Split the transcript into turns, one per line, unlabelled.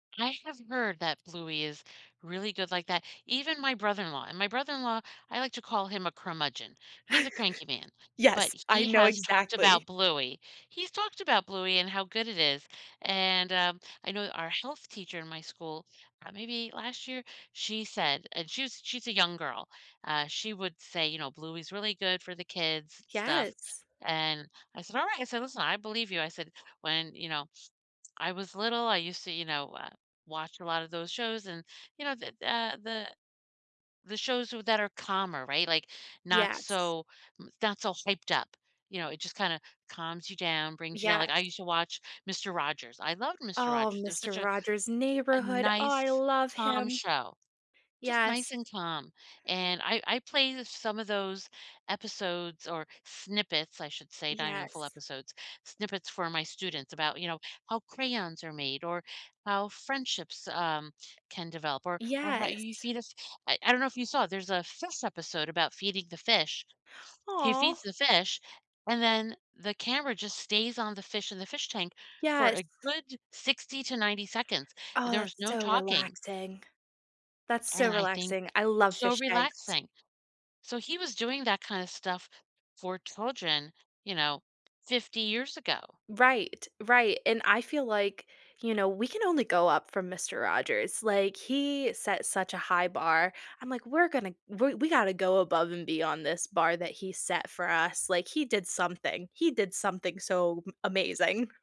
I have heard that Bluey is really good like that, even my brother-in-law and my brother-in-law, I like to call him a "curmudgeon", he's a cranky man, but
Yes, I
he
know
has talked
exactly.
about Bluey he's talked about Bluey and how good it is, and, um, I know our health teacher in my school uh, maybe last year? She said- and she's she's a young girl- uh, she would say, you know, "Bluey's really good for the kids stuff."
Yes.
And, I said, "Alright" I said, "Listen, I believe you," I said, "when," you know, "I was little, I used to," you know, uh, "watch a lot of those shows and" you know, the the, uh the the shows w that are calmer, right, like, not
Yes.
so n not so hyped up, you know, it just kinda calms you down, brings you down, like,
Yes.
I used to watch Mister Rogers, I loved Mister
Oh,
Rogers, it was
Mister
such a
Rogers'
a
Neighborhood, oh, I
nice,
love
calm,
him.
show. Just nice
Yes.
and calm, and I I play the some of those episodes or snippets, I should say- not even full
Yes.
episodes- snippets for my students about, you know, how crayons are made, or how friendships, um, can develop, or or how you
Yes.
feed us I I don't know if you saw it, there's a fish episode about feeding the fish. He feeds
Aw.
the fish, and then the camera just stays on the fish in the fish tank for
Yes.
a good 60 to 90 seconds, and
Oh,
there was
that's
no
so
talking
relaxing. That's so
and I think
relaxing, I love
so
fish tanks.
relaxing. So, he was doing that kind of stuff for children, you know, 50 years ago.
Right, right, and I feel like, you know, we can only go up from Mister Rogers, like, he set such a high bar, I'm like, "We're gonna we we gotta go above and beyond this bar that he set for us," like, he did something, he did something so m amazing.